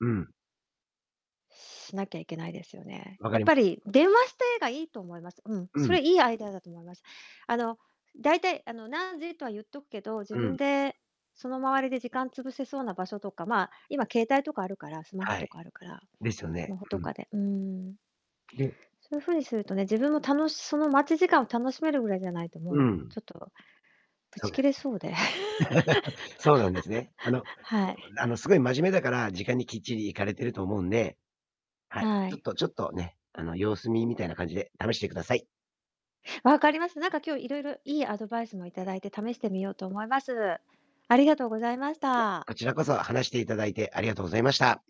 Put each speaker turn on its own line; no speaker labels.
うん。
しなきゃいけないですよね。
わか
やっ
り
ぱり、電話して、が、良いと思います。うん。
う
そ
ん。
れ、良いアイデアだと思います。あの、大体、あの、何時、とは言っとくけど、自
う
分
ん。
で、その周りで時間潰せそうな場所とか、まあ、今、携帯とかあるから、スマホ
は
とか
い。
あるから、
ですよ
ス
ね。
マホ
う
と
ん。
かで、うーん。そういう風にするとね、自分も楽しその待ち時間を、楽しめるぐらいじゃないと、
う
もう、
ん。
ちょっとぶ
そ
ち
うで
切
す。
れそうで。
そうなんですね。あの
はい。
あの、すごい真面目だから、時間にきっちり行かれてると思うんで。はい。
は
ちょ
い。
っとちょっとね、あの、様子見みたいな感じで、試してください。
分かりました。なんか、今日、色々良いアドバイスも頂いて、試してみようと思います。ありがとうございました。
こちらこそ話していただいてありがとうございました。